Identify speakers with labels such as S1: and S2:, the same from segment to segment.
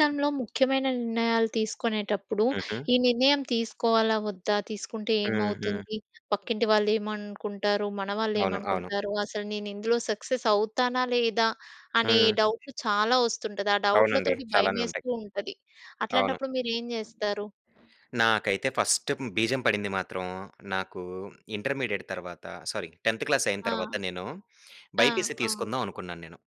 S1: హ్మ్.
S2: ముఖ్యమైన నిర్ణయాలు తీసుకునేటప్పుడు,
S1: హుహు.
S2: ఈ నిర్ణయం తీసుకోవాలా వొద్దా? తీసుకుంటే
S1: హుహు.
S2: ఏమవుతుంది? పక్కింటి వాళ్ళు ఏమనుకుంటారు? మన వాళ్ళు
S1: అవును. అవును.
S2: ఏమనుకుంటారు? అసలు నేనిందులో సక్సెస్ అవుతానా లేదా? అనే
S1: హ్మ్.
S2: డౌట్లు చాలా వస్తుంటది. ఆ
S1: అవునండి.
S2: డౌట్లతోటి
S1: చాలానే ఉంటాయి.
S2: భయమేస్తూ ఉంటది.
S1: అవును.
S2: అట్లాంటప్పుడు మీరేం జేస్తారు?
S1: నాకైతే ఫస్ట్ బీజం పడింది మాత్రం నాకు ఇంటర్మీడియేట్ తరువాత, సారీ 10థ్ క్లాస్ అయిన
S2: ఆ!
S1: తరువాత నేను
S2: ఆ!
S1: బైపీసీ
S2: అవును.
S1: తీసుకుందాం అనుకున్నాను నేను.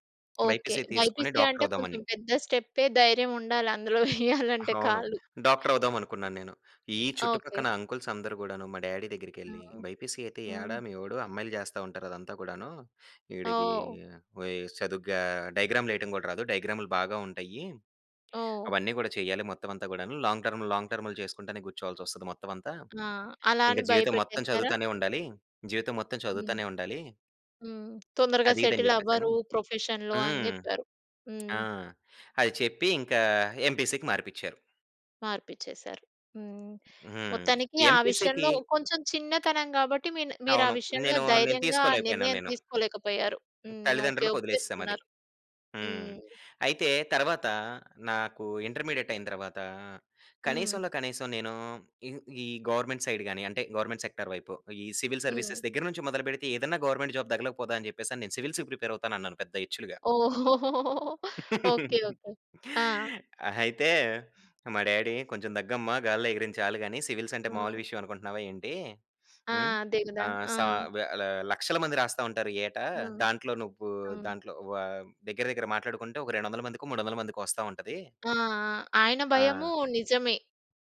S2: ఓకే.
S1: బైపీసీ తీసుకొని
S2: బైపీసీ
S1: డాక్టర్
S2: అంటే
S1: అవుదాం
S2: కొంచెం
S1: అని.
S2: పెద్ద స్టెప్పే ధైర్యం ఉండాలి. అందులో వెయ్యాలంటే
S1: అవును.
S2: కాలు.
S1: డాక్టర్ అవుదాం అనుకున్నాను నేను. ఈ చుట్టుపక్కల
S2: ఓకే.
S1: అంకుల్స్ అందరు గూడాను మా డ్యాడీ దగ్గరికేళ్లి
S2: హ్మ్.
S1: బైపీసీ అయితే ఏడ
S2: హ్మ్.
S1: మీవోడు? అమ్మాయిలు జేస్తా ఉంటారు అదంతా గూడాను. వీడికి
S2: ఓహ్!
S1: వి చదువుగా డయాగ్రామ్‌లేయటం గూడా రాదు డయాగ్రామ్లు బాగా ఉంటాయి.
S2: ఓహ్!
S1: అవన్నీ గూడా చేయాలి మొత్తం అంతా గూడాను. లాంగ్ టర్మ్, లాంగ్ టర్మ్‌లు జేసుకుంటనే కూర్చోవాల్సొస్తది మొత్తం అంతా.
S2: ఆ! అలా
S1: ఇంక
S2: అని
S1: జీవితం మొత్తం
S2: భయపెట్టేసారా?
S1: చదువుతానే ఉండాలి. జీవితం మొత్తం
S2: హ్మ్.
S1: చదువుతానే ఉండాలి.
S2: హ్మ్. తొందరగా
S1: అదిదని
S2: సెటిల్
S1: జేప్పేసని.
S2: అవ్వరు. ప్రొఫెషన్‌లో అని
S1: హ్మ్.
S2: జెప్పారు. హ్మ్.
S1: ఆ! అది చెప్పి ఇంకా ఎంపీసీకి మార్పించారు.
S2: మార్పిచ్చేసారు. హ్మ్.
S1: హ్మ్.
S2: మొత్తానికి ఆ
S1: ఎంపీసీకి
S2: విషయంలో కొంచెం చిన్నతనం గాబట్టి మీన్ మీరా
S1: అవును.
S2: విషయంలో
S1: నేను నేను
S2: ధైర్యంగా
S1: తీసుకోలేకపోయాను
S2: నిర్ణయం
S1: నేను.
S2: తీసుకోలేకపోయారు. హ్మ్. ఓకే.
S1: తల్లిదండ్రులకి ఒదిలేసాం అది.
S2: ఒప్పేసుకున్నారు.
S1: హ్మ్.
S2: హ్మ్.
S1: అయితే తరువాత నాకు ఇంటర్మీడియేట్ అయిన తర్వాత,
S2: హ్మ్.
S1: కనీసంలో కనీసం నేను ఈ ఈ గవర్నమెంట్ సైడ్ గాని, అంటే గవర్నమెంట్ సెక్టార్ వైపు, ఈ సివిల్
S2: హ్మ్.
S1: సర్వీసెస్ దగ్గర నుంచి మొదలుబెడితే, ఏదన్నా గవర్నమెంట్ జాబ్ తగలక పోదా! అని జేప్పేసని నేను సివిల్స్‌కి ప్రిపేర్ అవుతాను అన్నాను పెద్ద ఇచ్చులుగా.
S2: ఓకే. ఓకే. ఆ!
S1: అయితే మా డ్యాడీ "కొంచెం దగ్గమ్మ! గాలిలో ఎగిరించాలు గాని సివిల్స్ అంటే మాములు
S2: హ్మ్.
S1: విషయం అనుకుంటున్నావా ఏంటి?
S2: ఆ!
S1: హ్మ్.
S2: అదే గదా!
S1: ఆహ్,
S2: ఆ!
S1: సా వె ల లక్షల మంది రాస్తా ఉంటారు యేట.
S2: హ్మ్.
S1: దాంట్లో నువ్వు
S2: హ్మ్.
S1: దాంట్లో వ దగ్గర దగ్గర మాట్లాడుకుంటే, ఒక 200 మందికో, 300 మందికో వస్తా ఉంటది.
S2: ఆ! ఆ! ఆయన భయము
S1: ఆ!
S2: నిజమే.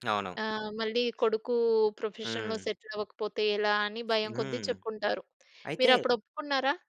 S1: అవును.
S2: ఆహ్, మళ్ళీ కొడుకు ప్రొఫెషన్‌లో
S1: హ్మ్.
S2: సెటిల్ అవ్వకపోతే ఎలా అని భయం కొద్ది
S1: హ్మ్.
S2: చెప్పుంటారు.
S1: అయితే
S2: మీరప్పుడు ఒప్పుకున్నారా?